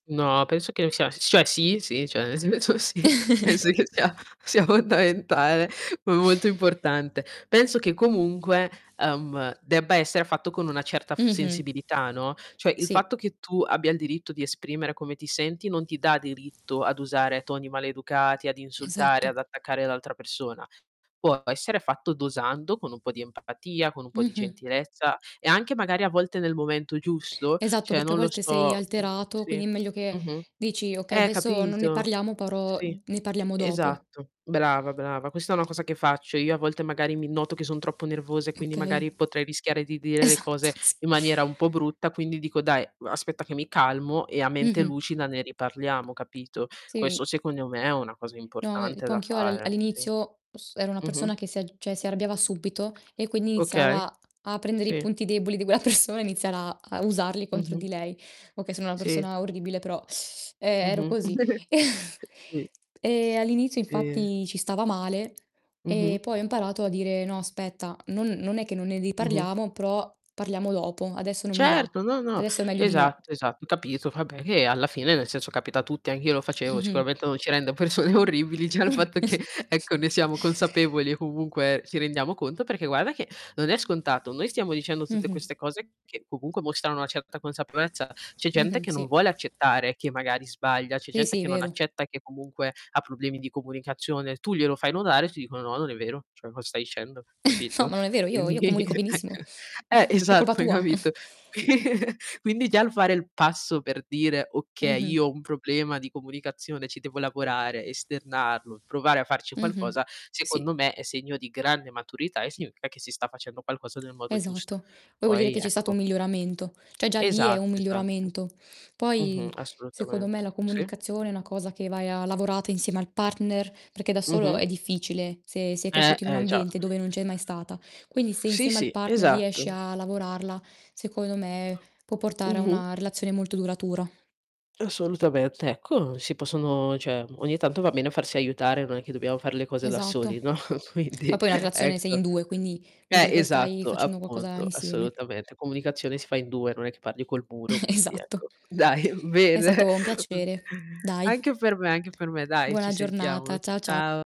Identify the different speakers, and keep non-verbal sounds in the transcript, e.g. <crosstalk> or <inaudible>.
Speaker 1: No, penso che c'è s cioè sì, sì, cioè nel senso sì, penso che sia sia
Speaker 2: <chuckles>
Speaker 1: fondamentale, ma molto importante. Penso che comunque, ehm, debba essere fatto con una certa f
Speaker 2: Mh-mh.
Speaker 1: sensibilità, no. Cioè il
Speaker 2: Sì.
Speaker 1: fatto che tu abbia il diritto di esprimere come ti senti non ti dà diritto ad usare toni maleducati, ad insultare,
Speaker 2: Esatto.
Speaker 1: ad attaccare l'altra persona. Può essere fatto dosando, con un po' di empatia, con un po' di
Speaker 2: Mh-mh.
Speaker 1: gentilezza e anche magari a volte nel momento giusto,
Speaker 2: Esatto,
Speaker 1: cioè,
Speaker 2: perché a
Speaker 1: non lo
Speaker 2: volte sei
Speaker 1: so, mh,
Speaker 2: alterato,
Speaker 1: sì,
Speaker 2: quindi è meglio che
Speaker 1: mh-mh.
Speaker 2: dici: "Okay,
Speaker 1: Eh,
Speaker 2: adesso non ne
Speaker 1: capito.
Speaker 2: parliamo però,
Speaker 1: Sì,
Speaker 2: uhm, ne parliamo dopo."
Speaker 1: esatto, brava, brava, questa è una cosa che faccio. Io a volte magari mi noto che son troppo nervosa e quindi
Speaker 2: Okay.
Speaker 1: magari potrei rischiare di dire le
Speaker 2: Esatto,
Speaker 1: cose
Speaker 2: sì.
Speaker 1: in maniera un po' brutta quindi dico: "Dai, uhm, aspetta che mi calmo e a mente
Speaker 2: Mh-mh.
Speaker 1: lucida ne riparliamo," capito.
Speaker 2: Sì.
Speaker 1: Questo, secondo me, è una cosa
Speaker 2: No, e
Speaker 1: importante
Speaker 2: po'
Speaker 1: da
Speaker 2: anch'io al
Speaker 1: fare, sì.
Speaker 2: all'inizio s ero una
Speaker 1: Mh-mh.
Speaker 2: persona che si al cioè, si arrabbiava subito e quindi
Speaker 1: Okay.
Speaker 2: iniziava a prendere i
Speaker 1: Sì.
Speaker 2: punti deboli di quella persona iniziar a a usarli contro
Speaker 1: Mh-mh.
Speaker 2: di lei. Okay, sono una
Speaker 1: Sì.
Speaker 2: persona orribile però <sucks teeth> e ero
Speaker 1: Mh-mh.
Speaker 2: così.
Speaker 1: <chuckles>
Speaker 2: <chuckles>
Speaker 1: Sì.
Speaker 2: Ehm, all'inizio
Speaker 1: Ehm
Speaker 2: infatti ci stava male e
Speaker 1: Mh-mh.
Speaker 2: poi ho imparato a dire: "No aspetta, non non è che non ne
Speaker 1: Mh-mh.
Speaker 2: riparliamo, però parliamo dopo. Adesso non mi va.
Speaker 1: Certo, no, no,
Speaker 2: Adesso è meglio di no."
Speaker 1: esatto, esatto, capito, vabbè che alla fine, nel senso, capita a tutti. Anch'io lo facevo
Speaker 2: Mh-mh.
Speaker 1: sicuramente non ci rende persone orribili già il fatto che ecco ne siamo consapevoli e
Speaker 2: <chuckles>
Speaker 1: comunque ci rendiamo conto. Perché guarda che non è scontato. Noi stiamo dicendo tutte
Speaker 2: Mh-mh.
Speaker 1: queste cose che comunque mostrano una certa consapevolezza. C'è gente
Speaker 2: Mh-mh,
Speaker 1: che non
Speaker 2: sì.
Speaker 1: vuole accettare che magari sbaglia, c'è
Speaker 2: Sì
Speaker 1: gente
Speaker 2: sì,
Speaker 1: che non
Speaker 2: vero.
Speaker 1: accetta e che comunque ha problemi di comunicazione, tu glielo fai notare, ti dicono: "No, non è vero, cioè co stai dicendo,"
Speaker 2: <chuckles> No,
Speaker 1: capito.
Speaker 2: no è vero, io io
Speaker 1: Quindi,
Speaker 2: comunico
Speaker 1: ecco
Speaker 2: benissimo.
Speaker 1: eh,
Speaker 2: <chuckles> È colpa
Speaker 1: esatto, hai
Speaker 2: tua.
Speaker 1: capito.
Speaker 2: <chuckles>
Speaker 1: Qui <snorts> quindi già il fare il passo per dire: "Okay,
Speaker 2: Mh-mh.
Speaker 1: io ho un problema di comunicazione, ci devo lavorare, esternarlo, provare a farci
Speaker 2: Mh-mh.
Speaker 1: qualcosa",
Speaker 2: Sì.
Speaker 1: secondo me, è segno di grande maturità e significa che si sta facendo qualcosa nel modo giusto.
Speaker 2: Esatto. O vuol dire
Speaker 1: Poi,
Speaker 2: che c'è stato
Speaker 1: ecco
Speaker 2: un miglioramento cioè, già lì è un
Speaker 1: Esatto, esatto.
Speaker 2: miglioramento.
Speaker 1: Mh-mh,
Speaker 2: Poi, secondo me,
Speaker 1: assolutamente.
Speaker 2: la
Speaker 1: Sì.
Speaker 2: comunicazione è una cosa che vai a lavorata insieme al partner, perché da solo
Speaker 1: Mh-mh.
Speaker 2: è difficile se sei
Speaker 1: Eh,
Speaker 2: cresciuto in un
Speaker 1: eh già.
Speaker 2: ambiente dove non c'è mai stata. Quindi se
Speaker 1: Sì,
Speaker 2: insieme al
Speaker 1: sì,
Speaker 2: partner riesci
Speaker 1: esatto.
Speaker 2: a lavorarla, secondo me, può portare a
Speaker 1: Mh-mh.
Speaker 2: una relazione molto duratura.
Speaker 1: Assolutamente, ecco si possono cioè, ogni tanto va bene farsi aiutare, non è che dobbiamo fare le cose da
Speaker 2: Esatto,
Speaker 1: soli, no. Quindi,
Speaker 2: ma poi una relazione sei
Speaker 1: ecco.
Speaker 2: in 2 quindi vuol
Speaker 1: Eh,
Speaker 2: dire che stai
Speaker 1: esatto,
Speaker 2: facendo qualcosa
Speaker 1: appunto,
Speaker 2: insieme.
Speaker 1: assolutamente. Comunicazione si fa in 2 non è che parli col muro,
Speaker 2: Eh,
Speaker 1: quindi,
Speaker 2: esatto.
Speaker 1: ecco. Dai,
Speaker 2: È
Speaker 1: bene,
Speaker 2: stato un
Speaker 1: okay,
Speaker 2: piacere, dai.
Speaker 1: anche per me, anche per me, dai, ci
Speaker 2: Buona
Speaker 1: sentiamo.
Speaker 2: giornata, cia cia
Speaker 1: Ciao.